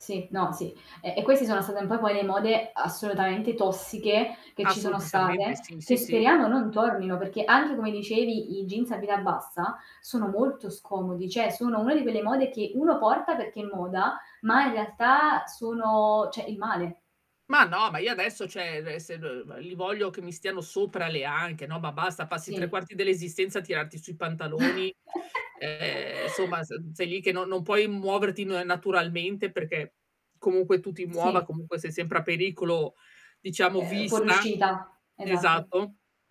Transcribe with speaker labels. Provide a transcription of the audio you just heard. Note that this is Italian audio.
Speaker 1: Sì, no, sì. E e questi sono state un po' poi le mode assolutamente tossiche, che ci sono
Speaker 2: Assolutissimamente
Speaker 1: state,
Speaker 2: sì,
Speaker 1: che
Speaker 2: sì, sì.
Speaker 1: speriamo non tornino, perché anche come dicevi i jeans a vita bassa sono molto scomodi, cioè sono una di quelle mode che uno porta perché è moda, ma in realtà sono cioè il male.
Speaker 2: Ma no, ma io adesso, cioè e se n li voglio che mi stiano sopra le anche, no, ma basta, passi tre
Speaker 1: Sì.
Speaker 2: quarti dell'esistenza a tirarti su i pantaloni, ehm, insomma s sei lì che non non puoi muoverti na naturalmente perché comunque tu ti muova,
Speaker 1: Sì.
Speaker 2: comunque sei sempre a pericolo diciamo
Speaker 1: Ehm,
Speaker 2: vista.
Speaker 1: fuoriuscita, esatto.
Speaker 2: Esatto.